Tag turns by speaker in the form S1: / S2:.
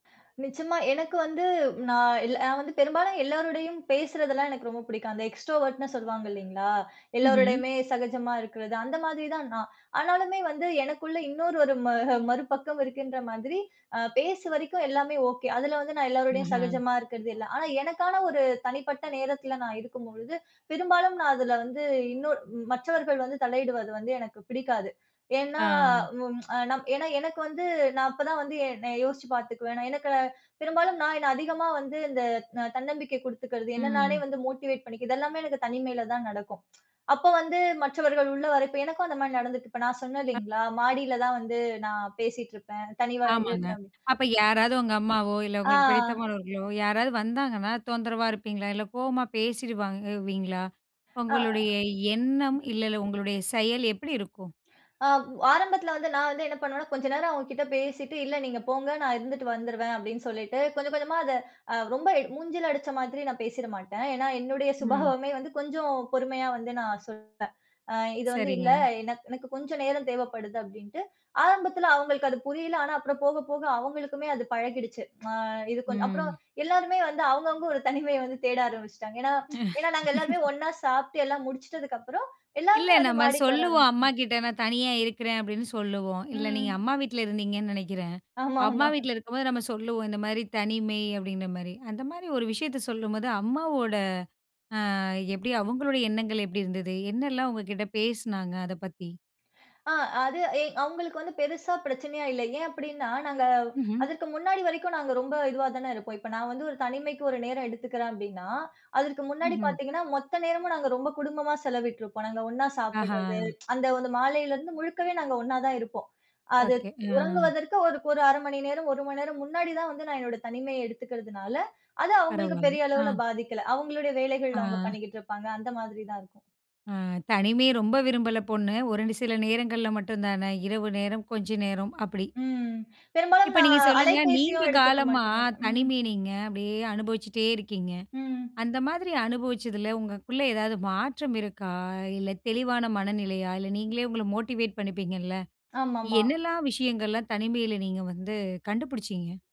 S1: நிச்சயமா எனக்கு வந்து நா இல்ல நான் வ ந்து பெரும்பாலும் எல்லாரோடையும் பேசுறதுல்லாம் எனக்கு ரொம்ப புடிக்கும். அந்த எக்ஸ்ட்ரோவர்ட்ன்னு சொல்வாங்க இல்லைங்களா!
S2: ம்ஹ்ம்.
S1: எல்லாரோடயுமே சகஜமா இருக்கிறது அந்த மாதிரி தான் நான். ஆனாலுமே வந்து எனக்குள்ள இன்னொரு ஒரு ம மறுபக்கம் இருக்கின்ற மாதிரி அ பேசு வரைக்கு எல்லாமே ஓகே. அதுல வந்து நான் எல்லாரோடையும்
S2: ம்ஹம்.
S1: சகஜமா இருக்கிறது எல்லாம். ஆனா எனக்கான ஒரு தனிப்பட்ட நேரத்துல நான் இருக்கும்பொழுது, பெரும்பாலும் நான் அதுல வந்து இன்னொர் மற்றவர்கள் வந்து தலையிடுவது வந்து எனக்கு பிடிக்காது. ஏன்னா,
S2: ஆ.
S1: ம் அ நம் ஏன்னா எனக்கு வந்து நா அப்பதான் வந்து எ நான் யோசிச்சு பாத்துக்குவேன். நான் எனக்கு பெரும்பாலும் நான் என்ன அதிகமா வந்து இந்த ந தன்னம்பிக்கை குடுத்துக்கிறது, என்ன நானே
S2: ம்.
S1: வந்து மோட்டிவேட் பண்ணிக்கறது, இது எல்லாமே எனக்குத் தனிமையில தான் நடக்கும். அப்போ வந்து, மற்றவர்கள் உள்ள வரப்ப எனக்கும் அந்த மாரி நடந்துருக்கு. இப்ப நா
S2: [unintelligible]
S1: சொன்னேல்லைங்களா! மாடியில தான் வந்து நான் பேசிட்ருப்பேன், தனிமையா
S2: ஆமாங்க.
S1: இருப்பேன். ம்.
S2: அப்ப யாராவது உங்க அம்மாவோ, இல்ல
S1: ஆ.
S2: உங்களுக்கு பிடித்தமானவர்களோ, யாராவது வந்தாங்கன்னா, தொந்தரவா இருப்பீங்களா, இல்ல கோவமா பேசிடுவீங்களா?
S1: அ.
S2: உங்களுடைய
S1: ம்.
S2: எண்ணம், இல்ல இல்ல உங்களுடைய செயல் எப்படி இருக்கும்?
S1: அம், ஆரம்பத்துல வந்து நான் வந்து என்ன பண்ணுவேன்னா, கொஞ்ச நேரம் அவுங்க கிட்ட பேசிட்டு, "இல்ல நீங்க போங்க நான் இருந்துட்டு வந்துருவேன்." அப்படின்னு சொல்லிட்டு, கொஞ்ச கொஞ்சமா அத அ ரொம்ப மூஞ்சில அடிச்ச மாதிரி நான் பேசிற மாட்டேன். ஏன்னா என்னுடைய
S2: ம்.
S1: சுபாவமே வந்து, கொஞ்சம் பொறுமையா வந்து நான் சொல்வேன். அ இது வந்து இல்ல,
S2: சரிங்க.
S1: "என எனக்குக் கொஞ்ச நேரம் தேவைப்படுது" அப்டின்னுட்டு, ஆரம்பத்துல அவங்களுக்கு அது புரியல. ஆனா அப்புறம் போக போக அவங்களுக்குமே அது பழகிடுச்சு. அ இது கொஞ்சம் அப்புறம்
S2: ம்.
S1: எல்லாருமே வந்து அவுங்க அவுங்க ஒரு தனிமைய வந்து தேட ஆரம்பிச்சிட்டாங்க. ஏன்னா ஏன்னா நாங்க எல்லாருமே ஒண்ணா சாப்ட்டு எல்லாம் முடிச்சிட்டதுக்கு அப்புறம்,
S2: இல்ல
S1: எல்லாருமே வந்து
S2: நம்ம
S1: மாடிக்கு வர
S2: சொல்லுவோம்
S1: ஆரம்பிச்
S2: அம்மாகிட்ட, "நான் தனியா இருக்கிறேன்" அப்படின்னு, சொல்லுவோம். இல்ல நீங்க
S1: ம்.
S2: அம்மா வீட்டில இருந்தீங்கன்னு நெனைக்கிறேன். அம்மா
S1: ஆமாமா.
S2: வீட்டில இருக்கும்போது நம்ம சொல்லுவோம், இந்த மாரி, "தனிமை" அப்டின்ற மாரி. அந்த மாரி ஒரு விஷயத்த சொல்லும்போது, அம்மாவோட ஆ எப்டி? அவுங்களுடைய எண்ணங்கள் எப்டி இருந்தது, என்னலாம் உங்ககிட்ட பேசினாங்?க அத பத்தி?
S1: அ அது எ அவுங்களுக்கு வந்து பெருசா பிரச்சனையா இல்ல. ஏன் அப்படின்னா நாங்க
S2: ம்ஹ்ம்.
S1: அதற்கு முன்னாடி வரைக்கு நாங்க ரொம்ப இதுவா தனே இருப்போம். இப்ப நான் வந்து ஒரு தனிமைக்கு ஒரு நேர எடுத்துக்குறேன் அப்படின்னா, அதற்கு முன்னாடி
S2: ம்ஹ்ம்.
S1: பாத்தீங்கன்னா, மொத்த நேரமும் நாங்க ரொம்ப குடும்பமா செலவிட்டுருப்போம். நாங்க ஒண்ணா சாப்பிடுறது
S2: ஆஹ.
S1: அந்த வந்து மாலையில இருந்து முழுக்கவே நாங்க ஒண்ணா தான் இருப்போம். அது
S2: ஓகே, ஆ.
S1: உறங்குவதற்கு ஒரு ஒரு 1/2 மணி நேரம், 1 மண்நேரம் முன்னாடி தான் வந்து நான் என்னுடைய தனிமைய எடுத்துக்கிறதுனால, அது அவுங்களுக்கு
S2: பரவால்ல.
S1: பெரிய
S2: ஆ,
S1: அளவுல
S2: ஆ.
S1: பாதிக்கல. அவுங்களுடைய வேலைகள் அவுங்க
S2: ஆ.
S1: பண்ணிக்கிட்டுருப்பாங்க. அந்த மாதிரி தான் இருக்கும்.
S2: ஆ தனிமைய ரொம்ப விரும்பல பொண்ணு. ஒரு நி சில நேரங்கள்ல மட்டும்தானே, இரவு நேரம், கொஞ்ச நேரம், அப்படி?
S1: ம். பெரும்பாலும்
S2: இப்ப நீங்க
S1: நான்
S2: சொல்லுங்க, நீண்ட
S1: அலைபேசியும் எடுத்துக்க
S2: காலமா,
S1: மாட்டேன்னால ம்.
S2: தனிமை நீங்க அப்டியே அனுபவிச்சிட்டே இருக்கீங்க,
S1: ம்.
S2: அந்த மாதிரி அனுபவிச்சதுல உங்களுக்குள்ள ஏதாவது மாற்றம் இருக்கா? அ இல்ல தெளிவான மனநிலையா? இல்ல நீங்களே உங்கள மோட்டிவேட் பண்ணிப்பீங்கல்ல!
S1: ஆமாமா.
S2: என்னெல்லாம் விஷயங்கள்லாம் தனிமையில நீங்க வந்து கண்டுபிடிச்சீங்க?